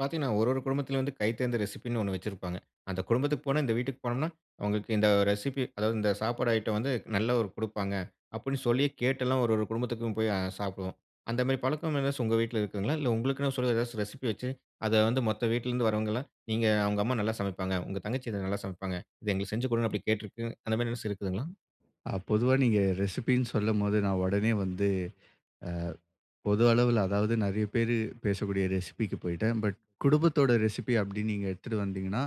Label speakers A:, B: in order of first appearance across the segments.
A: பாத்தீங்கன்னா, ஒரு ஒரு குடும்பத்துலயும் வந்து கைத்தேர்ந்த ரெசிபின்னு, ஒண்ணு வச்சிருப்பாங்க. "அந்த குடும்பத்துக்கு போனா, இந்த வீட்டுக்கு போனோம்னா, அவங்களுக்கு இந்த ரெசிபி, அதாவது இந்த சாப்பாடு ஐட்டம் வந்து நல்ல ஒரு குடுப்பாங்க" அப்படின்னு சொல்லி கேட்டெல்லாம் ஒரு ஒரு குடும்பத்துக்கும் போய் அ சாப்டுவோம். அந்த மாரி பழக்கம் ஏதாச்சும் உங்க வீட்டுல இருக்குதுங்களா? இல்ல, உங்களுக்குன்னு சொல்லி ஏதாச்சும் ரெசிபி வச்சு, அத வந்து மத்த வீட்டுல இருந்து வரவங்கலாம், "இங்க அவங்க அம்மா நல்லா சமைப்பாங்க, உங்க தங்கச்சி இத நல்லா சமைப்பாங்க, இத எங்களுக்கு செஞ்சு குடுங்க" அப்டின்னு கேட்டருக்கு அந்த மாரி ஏதாச்சும் இருக்குதுங்களா?
B: அ பொதுவா நீங்க ரெசிபின்னு சொல்லும்போது, நான் உடனே வந்து அ, பொது அளவுல அதாவது நெறைய பேரு ,பேசக்கூடிய ரெசிபிக்கு போயிட்டேன். பட், குடும்பத்தோட ரெசிபி அப்படின்னு நீங்க எடுத்துட்டு வந்தீங்கன்னா,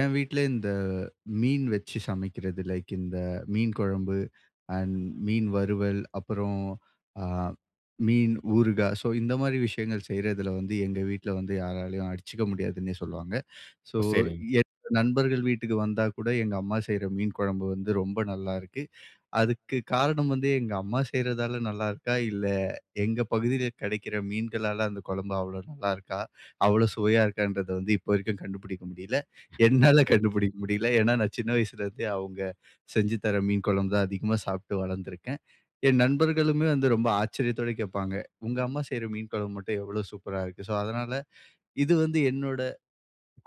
B: என் வீட்டுல இந்த, "மீன் வச்சு சமைக்கிறது லைக் இந்த மீன் குழம்பு, அண்ட் மீன் வறுவல், அப்புறம் அ, மீன் ஊறுகா". சோ இந்த மாரி விஷயங்கள் செய்றதுல வந்து, எங்க வீட்டுல வந்து யாராலயும் அடிச்சுக்க முடியாதுன்னே சொல்லுவாங்க. சோ,
A: ஓ! சரி.
B: என்னோட நண்பர்கள் வீட்டுக்கு வந்தா கூட, எங்க அம்மா செய்யற மீன் குழம்பு வந்து ரொம்ப நல்லாருக்கு. அதுக்கு காரணம் வந்து, எங்க அம்மா செய்யறதால நல்லா இருக்கா, இல்ல எங்க பகுதில கிடைக்கிற மீன்களால அந்த குழம்பு அவ்வளவு நல்லா இருக்கா, அவ்வளவு சுவையா இருக்கான்றத வந்து இப்ப வரைக்கும் கண்டுபிடிக்க முடியல. என்னால
A: சரி.
B: கண்டுபிடிக்க முடியல. ஏன்னா நான் சின்ன வயசுல இருந்தே அவுங்க, செஞ்சு தர்ற மீன் குழம்பு தான் அதிகமா சாப்பிட்டு வளர்ந்திருக்கேன். என் நண்பர்களுமே வந்து ரொம்ப ஆச்சரியத்தோட கேப்பாங்க, "உங்க அம்மா செய்யற மீன் குழம்பு மட்டும் எவ்வளோ சூப்பரா இருக்கு!" சோ அதனால, இது வந்து என்னோட,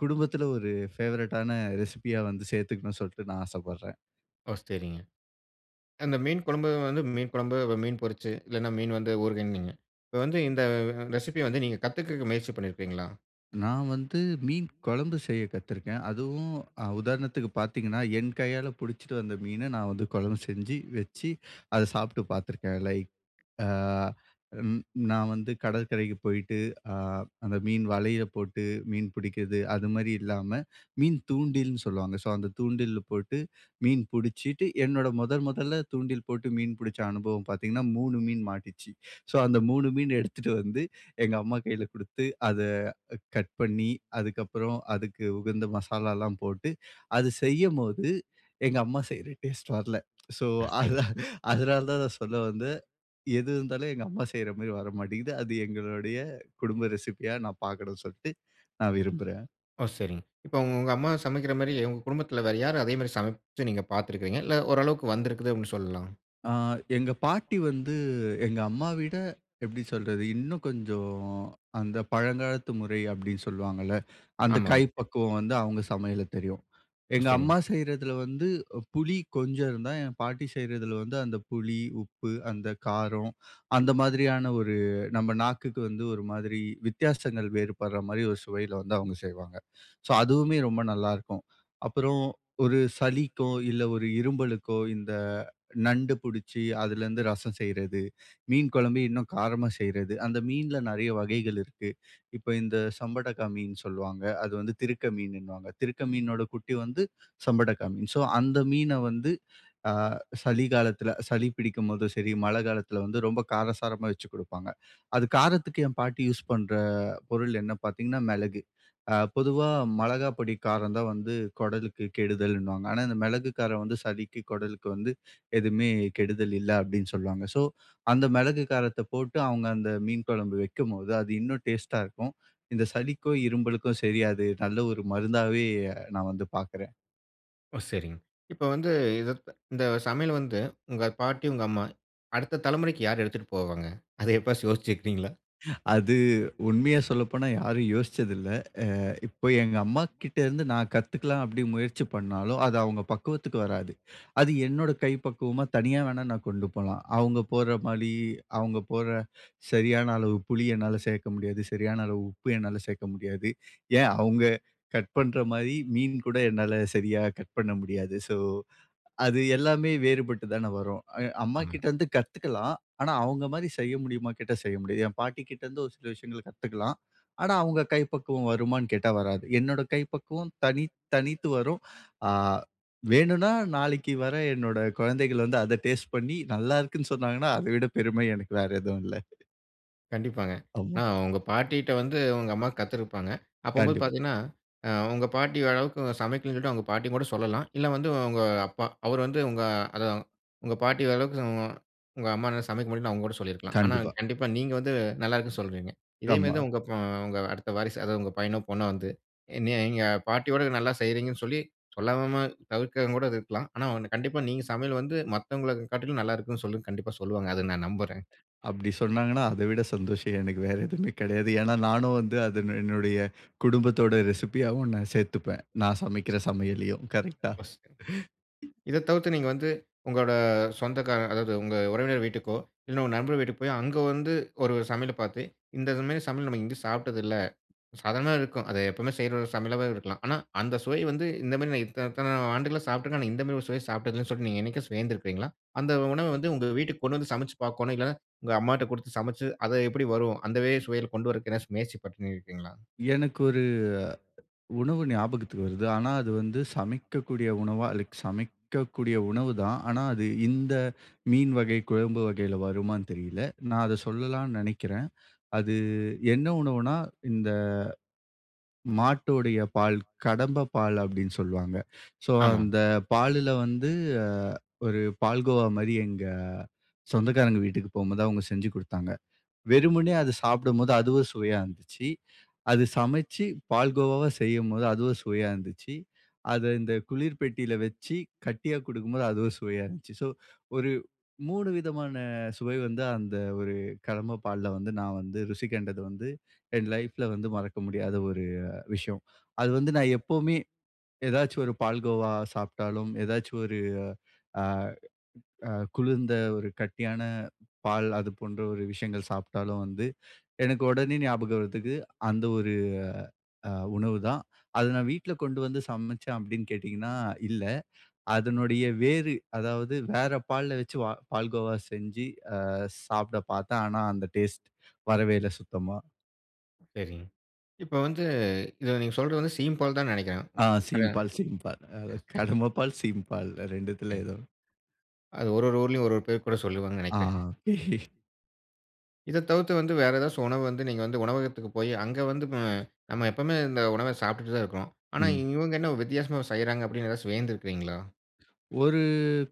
B: குடும்பத்துல ஒரு ஃபேவரைட்டான ரெசிபியா வந்து சேத்துக்கணும்னு சொல்ட்டு, நான் ஆசப்படுறேன்.
A: ஓ! சரிங்க. அந்த மீன் குழம்பு வந்து மீன் குழம்பு, வ மீன் பொரிச்சு, இல்லன்னா மீன் வந்து ஊறுகாய்ன்னு வைங்க. இப்போ வந்து, இந்த அ ரெசிபிய வந்து நீங்க கத்துக்குறதுக்கு முயற்சி பண்ணிருப்பீங்களா?
B: நான் வந்து, மீன் குழம்பு செய்ய கத்துருக்கேன். அதுவும் அ உதாரணத்துக்கு பாத்தீங்கன்னா, என் கையால புடிச்சுட்டு வந்த மீன, நான் வந்து குழம்பு செஞ்சு, வச்சி, அத சாப்பிட்டு பார்த்துருக்கேன். லைக், அ ம், நான் வந்து கடற்கரைக்கு போயிட்டு, அ அந்த மீன் வலையில போட்டு மீன் புடிக்குறது, அது மாரி இல்லாம, மீன் தூண்டில்னு சொல்லுவாங்க. ஸோ, அந்த தூண்டில்ல போட்டு மீன் புடிச்சிட்டு, என்னோட முதல், முதல்ல தூண்டில் போட்டு மீன் புடிச்ச அனுபவம் பாத்தீங்கன்னா, 3 மீன் மாட்டுச்சு. ஸோ, அந்த 3 மீன் எடுத்துட்டு வந்து எங்க அம்மா கையில குடுத்து, அத அ கட் பண்ணி, அதுக்கப்புறம் அதுக்கு உகந்த மசாலாலாம் போட்டு, அது செய்யும்போது எங்க அம்மா செய்யுற டேஸ்ட்டு வரல. ஸோ
A: அ,
B: அத
A: சரி
B: அதனால தான் நான் சொல்ல வந்தேன், எது இருந்தாலும் எங்க அம்மா செய்யுற மாரி வரமாட்டேங்குது. அது எங்களுடைய குடும்ப ரெசிப்பியா நான் பார்க்கனும்னு சொல்லிட்டு, நான் விரும்புறேன்.
A: ஓ! சரிங்க. இப்போ உங்க உங்க அம்மா சமைக்குற மாரி, உங்க குடும்பத்துல வேற யாரு, அதே மாரி சமைச்சு நீங்க பாத்துருக்குறீங்க? இல்ல, ஓரளவுக்கு வந்துருக்குது அப்படின்னு சொல்லலாம்?
B: அ எங்க பாட்டி வந்து எங்க அம்மாவிட, எப்டி சொல்றது இன்னும் கொஞ்சம் அந்த பழங்காலத்து முறை அப்டின்னு சொல்லுவாங்கல, அந்த
A: ஆமா.
B: கைப்பக்குவம் வந்து அவங்க சமையல்ல தெரியும்.
A: ஓ,
B: எங்க அம்மா
A: சரிங்க.
B: செய்யறதுல வந்து புளி கொஞ்சம் இருந்தா, என் பாட்டி செய்யறதுல வந்து அந்த புளி, உப்பு, அந்த காரம், அந்த மாதிரியான ஒரு நம்ம நாக்குக்கு வந்து ஒரு மாதிரி வித்தியாசங்கள் வேறுபடுற மாதிரி ஒரு சுவையில வந்து அவங்க செய்வாங்க. சோ அதுவுமே ரொம்ப நல்லா இருக்கும். அப்புறம் ஒரு சளிக்கோ, இல்ல ஒரு இருமலுக்கோ, இந்த நண்டு புடிச்சு அதுலருந்து ரசம் செய்றது, மீன் கொழம்பு இன்னும் காரமா செய்றது, அந்த மீன்ல நெறைய வகைகள் இருக்கு. இப்ப இந்த சம்படகா மீன் சொல்லுவாங்க, அது வந்து திருக்க மீன்னுவாங்க. திருக்க மீனோட குட்டி வந்து சம்படகா மீன். சோ அந்த மீன வந்து அ சளி காலத்துல சளி பிடிக்கும்போதும் சரி, மழ காலத்துல வந்து ரொம்ப காரசாரமா வச்சு குடுப்பாங்க. அது காரத்துக்கு என் பாட்டி யூஸ் பண்ற பொருள் என்ன பாத்தீங்கன்னா மெளகு. அ பொதுவா மெளகா பொடி காரம் தான் வந்து கொடலுக்கு கெடுதல்னுவாங்க. ஆனா இந்த மெளகு, காரம் வந்து சளிக்கு, கொடலுக்கு வந்து எதுவுமே கெடுதல் இல்ல அப்டின்னு சொல்லுவாங்க. சோ அந்த மெளகு காரத்த போட்டு, அவங்க அந்த மீன் கொழம்பு வைக்கும் போது அது இன்னும் டேஸ்டா இருக்கும். இந்த சளிக்கோ இரும்பலுக்கோ சரி, அது நல்ல ஒரு மருந்தாவே, நான் வந்து பாக்குறேன்.
A: ஓ! சரிங்க. இப்ப வந்து இத இந்த சமையல வந்து உங்க பாட்டி, உங்க அம்மா அடுத்த தலமுறைக்கு யார் எடுத்துட்டு போவாங்க? அத எப்பயாச்சு யோசிச்சுக்கிறீங்களா?
B: அது உண்மைய சொல்லப்போனா யாரும் யோசிச்சது இல்ல. அ இப்ப எங்க அம்மாகிட்டேருந்து நான் கத்துக்கலாம் அப்படி முயற்சி பண்ணாலும், அது அவங்க பக்குவத்துக்கு வராது. அது என்னோட கை பக்குவமா தனியா வேணா நான் கொண்டு போலாம். அவங்க போடுற மாரி, அவங்க போடுற சரியான அளவு புளி என்னால சேர்க்க முடியாது. சரியான அளவு உப்பு என்னால சேர்க்க முடியாது. ஏன் அவங்க கட் பண்ணுற மாரி, மீன் கூட என்னால சரியா கட் பண்ண முடியாது. ஸோ அது எல்லாமே வேறுபட்டு தான வரும். அ
A: ஆமாங்க.
B: அம்மாகிட்டேருந்து கத்துக்கலாம். ஆனா அவங்க மாதிரி செய்ய முடியுமா கேட்டா, செய்ய முடியாது. என் பாட்டிகிட்டேருந்து ஒரு சில விஷயங்கள கத்துக்கலாம். ஆனா அவங்க கை பக்குவம் வருமான்னு கேட்டா வராது. என்னோட கை பக்குவம் தனித் தனித்து வரும். அ வேணும்னா நாளைக்கு வர என்னோட குழந்தைகள் வந்து அதை டேஸ்ட் பண்ணி நல்லாருக்குன்னு சொன்னாங்கன்னா, அதை விட பெருமை எனக்கு வேற எதுவும் இல்லை.
A: கண்டிப்பாங்க. ஆனா
B: ஆமா.
A: உங்க பாட்டிட்ட வந்து உங்க அம்மா கத்துருப்பாங்க. அப்பம்போது
B: கண்டிப்பா.
A: பார்த்தீங்கன்னா, அ உங்க பாட்டி ஓரளவுக்கு சமைக்கலன்னு சொல்லிட்டு, அவங்க பாட்டியும் கூட சொல்லலாம். இல்லை வந்து உங்க அப்பா. அவர் வந்து உங்க அதான் உங்க பாட்டி வரளவுக்கு உங்க அம்மானால்ல சமைக்க முடியலன்னு அவங்க கூட சொல்லியிருக்கலாம். ஆனா
B: கண்டிப்பா.
A: கண்டிப்பா நீங்க வந்து நல்லாயிருக்குனு சொல்றீங்க. இதேமாரிதான்
B: ஆமா.
A: உங்க இப்ப உங்க அடுத்த வாரிசு, அதாவது உங்க பையனோ பொண்ணோ வந்து, என்னைய எங்க பாட்டியோட நல்லா செய்கிறீங்கன்னு சொல்லி, சொல்லாம தவிர்க்கிறவங்க கூட அது இருக்கலாம். ஆனா ஒண்ணு, கண்டிப்பா நீங்க சமையல் வந்து மத்தவங்கள காட்டிலும் நல்லாயிருக்குன்னு சொல்லுன்னு கண்டிப்பா சொல்லுவாங்க. அதை நான் நம்புறேன்.
B: அப்படி சொன்னாங்கன்னா அதை விட சந்தோஷம் எனக்கு வேற எதுவுமே கிடையாது. ஏன்னா நானும் வந்து அது என்னுடைய குடும்பத்தோட ரெசிபியாவும் நான் சேர்த்துப்பேன். நான் சமைக்கிற சமையலயும் கரெக்டா?
A: [unintelligible] இதை தவிர்த்து நீங்க வந்து உங்களோட சொந்தக்காரர் அதாவது உங்க உறவினர் வீட்டுக்கோ இல்லை உங்க நண்பர்கள் வீட்டுக்கு போய், அங்க வந்து ஒரு சமையல பார்த்து, "இந்த மாரி சமையல் நம்ம எங்கயும் சாப்பிட்டது இல்லை." சாதாரணமாவே இருக்கும். அதை எப்பவுமே செய்ற ஒரு சமையலாவே இருக்கலாம். ஆனா அந்த சுவை வந்து இந்த மாரி நான் இத்தனை இத்தனை ஆண்டுகளா சாப்பிட்டுருக்கேன், ஆனா இந்த மாதிரி ஒரு சுவைய சாப்பிட்டதில்லைன்னு சொல்லி, நீங்க என்னைக்காச்சும் வியந்திருக்கிறீங்களா? அந்த உணவை வந்து உங்க வீட்டுக்கு கொண்டு வந்து சமைச்சு பார்க்கோணும். இல்லைன்னா உங்க அம்மாட்ட கொடுத்து சமைச்சு, அது எப்படி வரும்? அந்த வே சுவையில கொண்டு வரதுக்கு எதாச்சு முயற்சி பண்ணியிருக்கிறீங்களா?
B: எனக்கு ஒரு உணவு ஞாபகத்துக்கு வருது. ஆனா அது வந்து சமைக்கக்கூடிய உணவா? அதுக் சமைக்கக்கூடிய உணவு தான். ஆனா அது இந்த மீன் வகை, குழம்பு வகையில வருமான்னு தெரியல. நான் அதை சொல்லலாம்ன்னு நெனைக்கிறேன். அது என்ன உணவுன்னா, இந்த மாட்டோடைய பால். கடம்பை பால் அப்படின்னு சொல்வாங்க. சோ
A: ஆமாங்க.
B: அந்த பாலுல வந்து, அ ஒரு பால் கோவா மாரி எங்க சொந்தக்காரங்க வீட்டுக்கு போம்போது அவங்க செஞ்சு குடுத்தாங்க. வெறுமனே அது சாப்பிடும்போது அதுவும் சுவையா இருந்துச்சு. அது சமைச்சு பால் கோவாவா செய்யும்போது அதுவும் சுவையா இருந்துச்சி. அதை இந்த குளிர் பெட்டியில வச்சி கட்டியா குடுக்கும்போது அதுவும் சுவையா இருந்துச்சு. சோ ஒரு 3 விதமான சுவை வந்து அந்த ஒரு கடம்ப பால்ல வந்து நான் வந்து ருசி கண்டது வந்து, என் லைஃப்ல வந்து மறக்க முடியாத ஒரு விஷயம். அது வந்து நான் எப்பவுமே ஏதாச்சு ஒரு பால்கோவா சாப்பிட்டாலும், ஏதாச்சு ஒரு அ அ குளிர்ந்த ஒரு கட்டியான பால் அது போன்ற ஒரு விஷயங்கள் சாப்பிட்டாலும் வந்து, எனக்கு உடனே ஞாபகம் வரத்துக்கு அந்த ஒரு அ உணவு தான். அதை நான் வீட்ல கொண்டு வந்து சமைச்சேன் அப்படின்னு கேட்டீங்கன்னா இல்லை. அதனுடைய வேறு அதாவது வேற பால்ல வச்சு வ பால்கோவா செஞ்சு அ சாப்பிட பார்த்தேன். ஆனா, அந்த டேஸ்ட் வரவே இல்லை சுத்தமா.
A: சரிங்க. இப்ப வந்து, இத நீங்க சொல்றது வந்து சீம்பால் தான்னு நெனைக்கிறேன்.
B: ஆ
A: கெடயாதா?
B: சீம்பால் சீம்பால். அ
A: சரி, சரிங்க.
B: கடம்ப பால், சீம்பால் 2த்துல
A: சரிங்க.
B: எதோ.
A: அது ஒரு ஒரு ஊர்லயும் ஒரு ஒரு பேர் கூட சொல்லுவாங்கன்னு
B: அ.
A: நெனைக்கிறேன்.
B: அ.
A: இத தவித்து வந்து வேற எதாச்சு உணவு வந்து நீங்க வந்து உணவகத்துக்கு போயி அங்க வந்து ம நம்ம எப்பவுமே இந்த உணவ சாப்ட்டுட்டு தான் இருக்கோம், ஆனா
B: ம்.
A: இவங்க என்ன வித்தியாசமா செய்றாங்க அப்டின்னு எதாச்சு வியந்திருக்கீங்களா?
B: ஒரு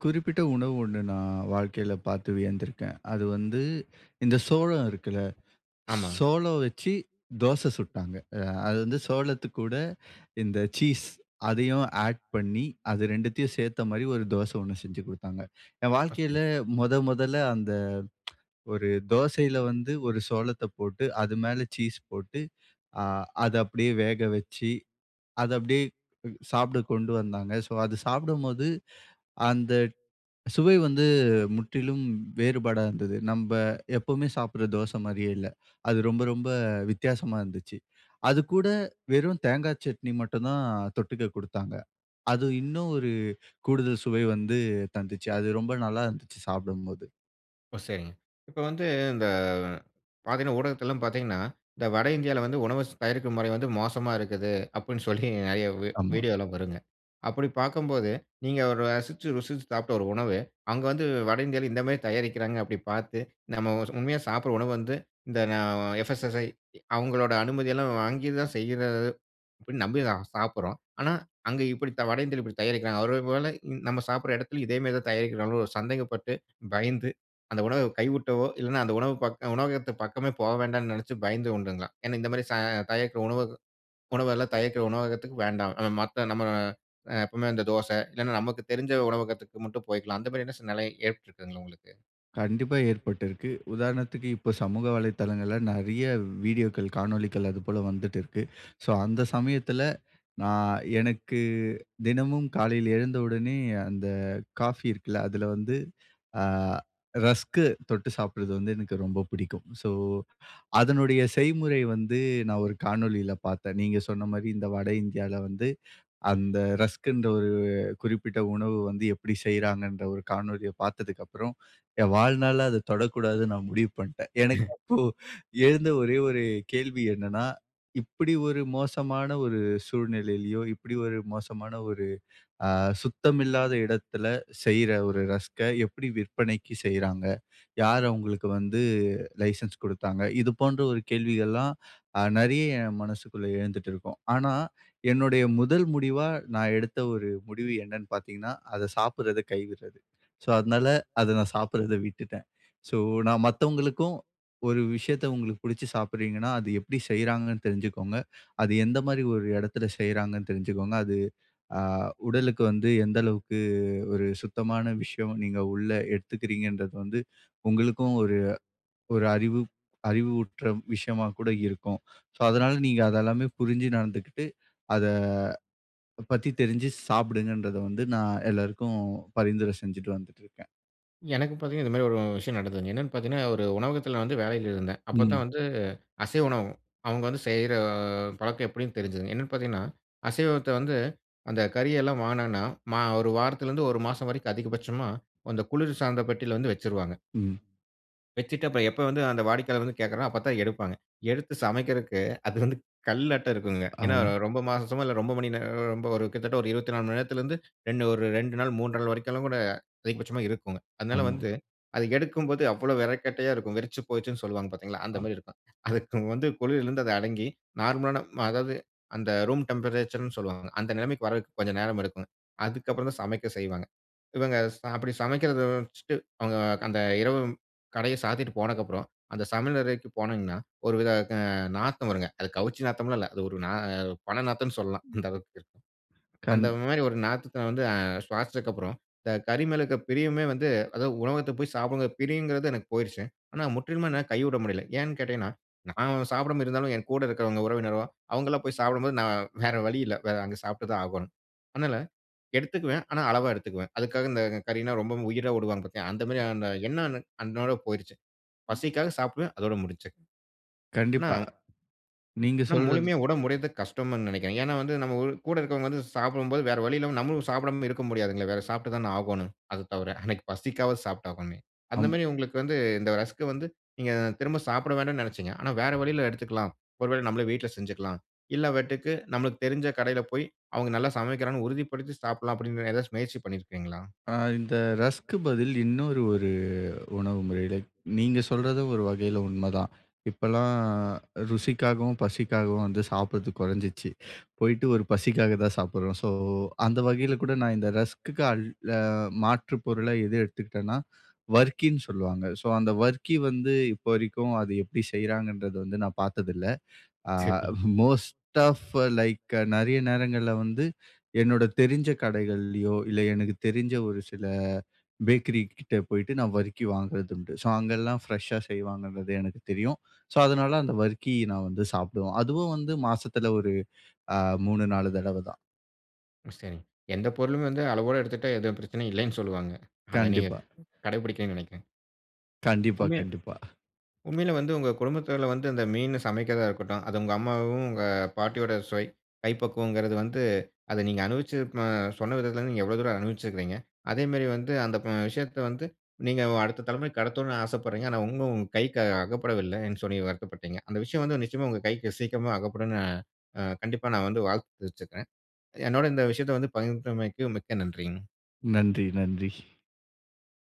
B: குறிப்பிட்ட உணவு ஒண்ணு, நான் வாழ்க்கைல பாத்து வியந்திருக்கேன். அது வந்து இந்த சோளம் இருக்குல்ல?
A: ஆமா.
B: சோளம் வச்சு தோச சுட்டாங்க. அ அது வந்து சோளத்து கூட, இந்த சீஸ் அதயும் ஆட் பண்ணி அது 2த்தையும் சேத்த மாரி ஒரு தோச ஒன்னு செஞ்சு கொடுத்தாங்க. என் வாழ்க்கைல
A: [unintelligible]
B: மொத மொதல்ல அந்த ஒரு தோசைல வந்து ஒரு சோளத்த போட்டு அது மேல சீஸ் போட்டு, அ அத அப்டியே வேக வச்சு, அத அப்டியே உ சாப்ட கொண்டு வந்தாங்க. ஸோ அது சாப்டும் போது அந்த சுவை வந்து முற்றிலும் வேறுபாடா இருந்தது. நம்ப எப்பவுமே சாப்டுற தோசை மாதிரியே இல்ல. அது ரொம்ப ரொம்ப வித்தியாசமா இருந்துச்சு. அது கூட வெறும் தேங்காய் சட்னி மட்டும் தான் தொட்டுக்க கொடுத்தாங்க. அது இன்னும் ஒரு கூடுதல் சுவை வந்து தந்துச்சு. அது ரொம்ப நல்லா இருந்துச்சு, சாப்டும் போது.
A: ஓ! சரிங்க. இப்ப வந்து, இந்த பாத்தீங்கன்னா ஊடகத்தெல்லாம் பாத்தீங்கன்னா, இந்த வட இந்தியால வந்து உணவ ஸ் தயாரிக்கும் முறை வந்து மோசமா இருக்குது. அப்டின்னு சொல்லி நெறைய வீ
B: ஆமா.
A: வீடியோ எல்லாம் வருங்க. அப்படி பார்க்கும்போது, நீங்க ரசிச்சு, ருசிச்சு சாப்ட்ட ஒரு உணவு, அங்க வந்து வட இந்தியால இந்த மாரி தயாரிக்கிறாங்க, அப்படி பாத்து. நம்ம ஸ் உண்மையா சாப்டுற உணவு வந்து இந்த எஃப் எஸ் எஸ் சை அவங்களோட அனுமதி எல்லாம் வாங்கித்தான் செய்யறது. அப்படின்னு நம்பிதா சாப்டுறோம். ஆனா அங்க இப்படி வட இந்தியால இப்படி தயாரிக்கிறாங்க, அதே போல நம்ம சாப்டுற எடத்திலயும் இதே மாதிரி தான் தயாரிக்கிறாங்களோன்னு சந்தேகப்பட்டு, பயந்து, அந்த உணவ கைவுட்டோ, இல்லனா அந்த உணவுப் பக் உணவகத்து பக்கமே போக வேண்டான்னு நெனச்சு பயந்து உண்டுங்களா? ஏன்னா இந்த மாதிரி ச தயாரிக்குற உணவுக உணவெல்லாம் தயாரிக்கிற உணவகத்துக்கு வேண்டாம். அ மத்த நம்ம அ எப்பவுமே அந்த தோசை இல்லன்னா நமக்கு தெரிஞ்ச உணவகத்துக்கு மட்டும் போயிக்கலாம். அந்த மாரியான சூழ்நிலை ஏற்பட்டுருக்குங்களா உங்களுக்கு?
B: கண்டிப்பா ஏற்பட்டு இருக்கு. உதாரணத்துக்கு இப்போ, சமூக வலைத்தளங்கள்ல நெறைய வீடியோக்கள், காணொளிகள் அதுபோல வந்துட்டு இருக்கு. சோ அந்த சமயத்துல நான் எனக்கு தினமும் காலைல எழுந்த உடனே அந்த காபி இருக்குல அதுல வந்து அ ரஸ்க் தொட்டு சாப்பிடுறது வந்து எனக்கு ரொம்ப பிடிக்கும். சோ அதனுடைய செய்முறை வந்து நான் ஒரு காணொளில பார்த்தேன். நீங்க சொன்ன மாரி இந்த வட இந்தியால வந்து, அந்த ரஸ்க்ன்ற ஒரு குறிப்பிட்ட உணவு வந்து எப்டி செய்றாங்கன்ற ஒரு காணொளிய பார்த்ததுக்கு அப்புறம் என் வாழ்நாள்ல அத தொடக்கூடாதுன்னு நான் முடிவு பண்ட்டேன். எனக்கு அப்போ எழுந்த ஒரே ஒரு கேள்வி என்னன்னா. இப்படி ஒரு மோசமான ஒரு சூழ்நிலையிலும், இப்படி ஒரு மோசமான ஒரு அ சுத்தமில்லாத இடத்துல செய்ற ஒரு ரஸ்க்க எப்படி விற்பனைக்கு செய்றாங்க? யார் அவங்களுக்கு வந்து லைசென்ஸ் குடுத்தாங்க? இது போன்ற ஒரு கேள்விகள்ல்லாம் அ நெறைய என் மனசுக்குள்ள எழுந்துட்டு இருக்கும். ஆனா என்னுடைய முதல் முடிவா, நான எடுத்த ஒரு முடிவு என்னன்னு பார்த்தீங்கன்னா, அத சாப்பிடுறத கைவிடுறது. சோ அதனால அத நான் சாப்டுறத விட்டுட்டேன். சோ நான் மத்தவங்களுக்கும் ஒரு விஷயத்த உங்களுக்கு பிடிச்சு சாப்பிடுறீங்கன்னா அது எப்படி செய்றாங்கன்னு தெரிஞ்சுக்கோங்க. அது எந்த மாதிரி ஒரு இடத்துல செய்றாங்கன்னு தெரிஞ்சுக்கோங்க. அது, அ உடலுக்கு வந்து எந்த அளவுக்கு ஒரு சுத்தமான விஷயம். நீங்க உள்ள எடுத்துக்குறீங்கன்றது வந்து உங்களுக்கும் ஒரு ஒரு அறிவு அறிவுற்ற விஷயமா கூட இருக்கும். சோ அதனால நீங்க அதெல்லாமே புரிஞ்சு நடந்துக்கிட்டு அத பத்தி தெரிஞ்சு சாப்டுங்கன்றத வந்து நான் எல்லாருக்கும் பரிந்துரை செஞ்சுட்டு வந்துட்டு இருக்கேன்.
A: எனக்கு பார்த்தீங்கன்னா இந்த மாதிரி ஒரு விஷயம் நடந்ததுங்க. என்னன்னு பார்த்தீங்கன்னா, ஒரு உணவகத்தில நான் வந்து வேலையில இருந்தேன். அப்பத்தான்
B: ம்.
A: வந்து, அசைவ உணவகம். அவங்க வந்து செய்ற பழக்கம் எப்படின்னு தெரிஞ்சுதுங்க. என்னன்னு பார்த்தீங்கன்னா, அசைவத்த வந்து, அந்த கறி எல்லாம் வாங்கினாங்கன்னா, மா 1 வாரத்திலிருந்து 1 மாசம் வரைக்கும் அதிகபட்சமா அந்த குளிர்சாதன பெட்டியில வந்து வச்சுருவாங்க.
B: ம்.
A: வச்சுட்டு அப்பறம் எப்ப வந்து அந்த வாடிக்கையாளர் வந்து கேட்கிறாங்களோ, அப்பத்தான் எடுப்பாங்க. எடுத்து சமைக்கறதுக்கு அது வந்து, கல்லாட்டம் இருக்குங்க. ஏன்னா
B: ஆமா.
A: ரொம்ப மாசமோ, இல்லை ரொம்ப மணி நேரம் ரொம்ப ஒரு கிட்டத்தட்ட ஒரு 24 மணி நேரத்திலேருந்து, 2 ஒரு 2 நாள் 3 நாள் வரைக்குலாம் கூட அதிகபட்சமா இருக்கும்ங்க. அதனால
B: ஆமா.
A: வந்து அது எடுக்கும் போது அவ்வளவு விறகுக்கட்டையாக இருக்கும். வெறச்சு போச்சுன்னு சொல்லுவாங்க பார்த்தீங்களா? அந்த
B: ஆ.
A: மாதிரி இருக்கும். அதுக்கு வந்து குளிரில இருந்து அது அடங்கி, நார்மலான, அதாவது அந்த ரூம் டெம்பரேச்சர் ன்னு சொல்வாங்க. அந்த நிலைமைக்கு வர்றதுக்கு கொஞ்சம் நேரம் எடுக்குங்க. அதுக்கப்பறம் தான் சமைக்க செய்வாங்க. இவங்க ச அப்படி சமைக்கிறதை வச்சுட்டு, அவங்க க அந்த இரவு கடையை சாத்திட்டு போனதுக்கப்பறம், அந்த சமையல் அறைக்கு போனீங்கன்னா, ஒரு வித க நாத்தம் வருங்க. அது கவுச்சி நாத்தம்ல்லாம் இல்லை. அது ஒரு ந பிணம் நாத்தம்ன்னு சொல்லலாம்.
B: ம்.
A: அந்த அளவுக்கு இருக்கும்.
B: கண்
A: அந்த மாதிரி ஒரு நாத்தத்தை வந்து அ சுவாசிச்சதுக்கப்புறம், இந்த கறி மேலருக்க பிரியமே வந்து, அதாவது உணவகத்தில போய் சாப்பிடணுங்கிற பிரியங்கிறது எனக்கு போயிருச்சு. ஆனா முற்றிலுமே என்னால கைவிட முடியலை. ஏன்னு கேட்டீங்கன்னா, நான் சாப்பிடாம இருந்தாலும் என் கூட இருக்கிறவங்க, உறவினரோ அவங்கல்லாம் போய் சாப்பிடும்போது, நான் வேற வழி இல்லை. வேற அங்க சாப்பிட்டு தான் ஆகோணும். அதனால எடுத்துக்குவேன், ஆனா அளவா எடுத்துக்குவேன். அதுக்காக இந்த கறின்னா ரொம்பவும் உயிரா விடுவாங்க பார்த்தீங்களா? அந்த மாரியான அந்த எண்ணம் எனக்கு அன்னையோட போயிருச்சு. பசிக்காக
B: [unintelligible]
A: சாப்பிடுவேன். அதோடு முடிஞ்சுச்சு. ஆனா
B: கண்டிப்பா. நீங்க
A: ஆனா
B: சொல்றது
A: முழுமையா விட முடியிறது கஷ்டமுன்னு நினைக்கிறேன். ஏன்னா வந்து நம்ம ஊ கூட இருக்கவங்க வந்து சாப்பிடும்போது வேற வழியில்லாம நம்மளும் சாப்பிடாம இருக்க முடியாதுங்களே, வேற சாப்பிட்டு தான ஆகோணும். அது தவிர, அன்னைக்கு பசிக்காகவாது சாப்பிட்டு ஆகணுமே. அந்த
B: அம்
A: மாரி உங்களுக்கு வந்து இந்த ரஸ்க் வந்து, நீங்க திரும்ப சாப்பிட வேண்டான்னு நெனைச்சீங்க. ஆனா வேற வழியில எடுத்துக்கலாம். "ஒரு வேளை நம்மளே வீட்ல செஞ்சுக்கலாம். இல்லை என்றால் நம்மளுக்கு தெரிஞ்ச கடையில போய் அவங்க நல்லா சமைக்கிறாங்கன்னு உறுதிப்படுத்தி சாப்பிடலாம்." அப்படின்னு ஏதாச்சு முயற்சி பண்ணிருக்கீங்களா?
B: அ இந்த ரஸ்க்கு பதில் இன்னொரு ஒரு உணவு முறையில நீங்க சொல்றது ஒரு வகையில உண்மைதான். இப்பல்லாம் ருசிக்காகவும், பசிக்காகவும் வந்து சாப்பிடுறது குறைஞ்சிச்சு. போய்ட்டு ஒரு பசிக்காக தான் சாப்பிடுறோம். ஸோ அந்த வகையில கூட நான் இந்த ரஸ்க்குக்கு அல் அ மாற்று பொருளா எது எடுத்துக்கிட்டேன்னா, வர்க்கின்னு சொல்லுவாங்க. ஸோ அந்த வர்க்கி வந்து இப்ப வரைக்கும் அது எப்படி செய்கிறாங்கன்றது வந்து நான் பார்த்ததில்லை. அ
A: சரி.
B: மோஸ்ட் ஆஃப் லைக் நெறைய நேரங்கள்ல வந்து என்னோட தெரிஞ்ச கடைகள்ல்லியோ, இல்ல எனக்கு தெரிஞ்ச ஒரு சில பேக்கரி கிட்ட போய்ட்டு நான் வர்க்கி வாங்குறது உண்டு. ஸோ அங்கெல்லாம் ஃப்ரெஷ்ஷா செய்வாங்கன்றது எனக்கு தெரியும். ஸோ அதனால அந்த வர்க்கி நான் வந்து சாப்பிடுவோம். அதுவும் வந்து மாசத்தில ஒரு அ 3 4 தடவை தான்.
A: ஒ சரிங்க. எந்த பொருளுமே வந்து அளவோட எடுத்துக்கிட்டா எதுவும் பிரச்சனையும் இல்லைன்னு சொல்லுவாங்க. அதை நீங்க
B: கண்டிப்பா.
A: கடைபிடிக்கலன்னு நினைக்கிறேன்.
B: கண்டிப்பா,
A: உண்மையா
B: கண்டிப்பா.
A: உண்மையில வந்து உங்க குடும்பத்தில வந்து அந்த மீன் சமைக்கிறதா இருக்கட்டும், அத உங்க அம்மாவும், உங்க பாட்டியோட சுவை, கைப்பக்குவங்கிறது வந்து அதை நீங்க அனுபவிச்சு அ சொன்ன விதத்திலேருந்து நீங்க எவ்வளோ தூரம் அனுபவிச்சிருக்கிறீங்க? அதேமாரி வந்து அந்த ப விஷயத்தை வந்து நீங்க அடுத்த தலைமுறைக்கு கடத்தணும்னு ஆசைப்படுறீங்க. ஆனா இன்னும் கைக்கு அ அகப்படவில்லைன்னு சொல்லி வருத்தப்பட்டீங்க. அந்த விஷயம் வந்து நிச்சயமா உங்க கைக்கு சீக்கிரமா அகப்படும்ன்னு அ அ கண்டிப்பா நான் வந்து வாழ்த்து தெரிவிச்சுக்கிறேன். என்னோட இந்த விஷயத்த வந்து பகிர்ந்தமைக்கு மிக்க நன்றிங்க.
B: நன்றி. நன்றி.